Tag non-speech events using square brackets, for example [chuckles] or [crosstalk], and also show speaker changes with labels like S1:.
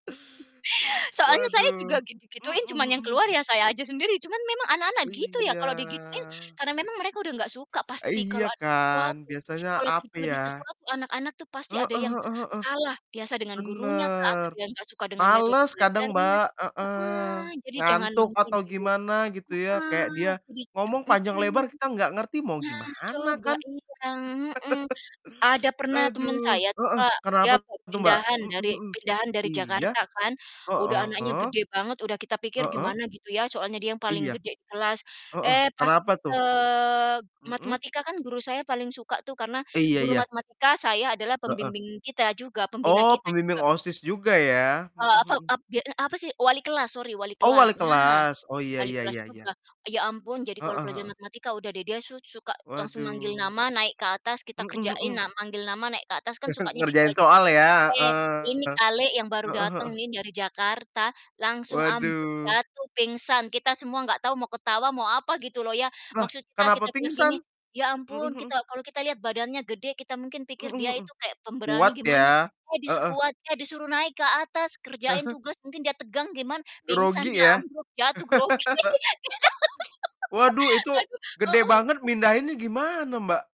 S1: Soalnya saya juga
S2: Waduh. Mhm
S1: gitu-gituin cuman
S2: mhm
S1: yang keluar
S2: mhm.
S1: ya saya aja sendiri. Cuman memang anak-anak gitu ya kalau digituin,
S2: Iya.
S1: karena memang mereka udah nggak suka pasti
S2: Iya
S1: kalau ada
S2: kan,
S1: sesuatu,
S2: biasanya
S1: kalau
S2: apa
S1: terjadi
S2: ya?
S1: sesuatu anak-anak tuh pasti
S2: Heeh
S1: ada yang
S2: heeh heeh.
S1: salah, biasa dengan gurunyakah atau
S2: Bener,
S1: dia nggak suka dengan metode
S2: males kadang
S1: belajarnya.
S2: Mbak, heeh,
S1: Heeh, jadi jangan
S2: ngantuk
S1: langsung
S2: atau
S1: di
S2: gimana gitu ya, kayak
S1: heeh,
S2: dia
S1: [unintelligible]
S2: ngomong panjang
S1: mhm.
S2: lebar kita nggak ngerti mau
S1: Nah,
S2: gimana
S1: coba
S2: kan.
S1: iya, heeh. Ada
S2: [chuckles]
S1: pernah temen
S2: Aduh.
S1: saya tuh
S2: Heeh,
S1: Kak, dia
S2: kenapa
S1: baru
S2: tuh, Mbak?
S1: pindahan
S2: Mhm
S1: dari
S2: mhm,
S1: pindahan dari
S2: iya,
S1: Jakarta kan, udah anaknya
S2: heeh.
S1: gede banget, udah kita pikir
S2: Heeh.
S1: gimana gitu ya soalnya dia yang paling
S2: Iya.
S1: gede di kelas.
S2: Heeh,
S1: Eh, pas,
S2: kenapa tuh?
S1: eee,
S2: Mhm.
S1: matematika kan guru saya paling suka tuh karena
S2: Iya
S1: guru
S2: iya.
S1: matematika saya adalah
S2: Heeh.
S1: pembimbing kita juga, pembina
S2: Oh,
S1: kita
S2: pembimbing
S1: juga.
S2: OSIS juga ya? Mhm
S1: Eee, ape
S2: mhm.
S1: ap dia eee, apa sih, wali kelas, sorry wali
S2: Oh,
S1: kelas.
S2: wali
S1: Nah,
S2: kelas. Oh, iya
S1: wali
S2: iya
S1: kelas
S2: iya
S1: juga.
S2: iya.
S1: Ya ampun jadi kalau
S2: Heeh
S1: pelajaran
S2: heeh.
S1: matematika udah deh dia su suka langsung manggil
S2: Waduh.
S1: nama, naik ke atas, kita
S2: Mhm
S1: kerjain.
S2: mhm.
S1: Nah, manggil nama naik ke atas kan
S2: [chuckles]
S1: sukanya gitu
S2: Ngerjain
S1: aj
S2: soal ya.
S1: eh, ini
S2: Heeh.
S1: kali yang baru
S2: Heeh
S1: dateng
S2: heeh.
S1: nih dari Jakarta langsung ambruk,
S2: Waduh.
S1: jatuh, pingsan, kita semua nggak tahu mau ketawa mau apa gitu loh ya,
S2: Lah
S1: maksud kita,
S2: kenapa
S1: kita bilang
S2: pingsan?
S1: gini, "Ya
S2: Mhm
S1: ampun,
S2: mhm.
S1: kita" kalau kita lihat badannya gede kita mungkin pikir
S2: Mhm
S1: dia
S2: mhm.
S1: itu kayak pemberani
S2: Kuat
S1: gimana,
S2: ya.
S1: eh
S2: Heeh.
S1: disukuat eh, disuruh naik ke atas kerjain
S2: [chuckles]
S1: tugas, mungkin dia tegang gimana, pingsan
S2: Grogi
S1: dia
S2: ya?
S1: ambruk jatuh grogi,
S2: [laughs]
S1: [laughs]
S2: Waduh, itu
S1: aduh.
S2: gede banget
S1: Heeh.
S2: mindahinnya gimana, Mbak?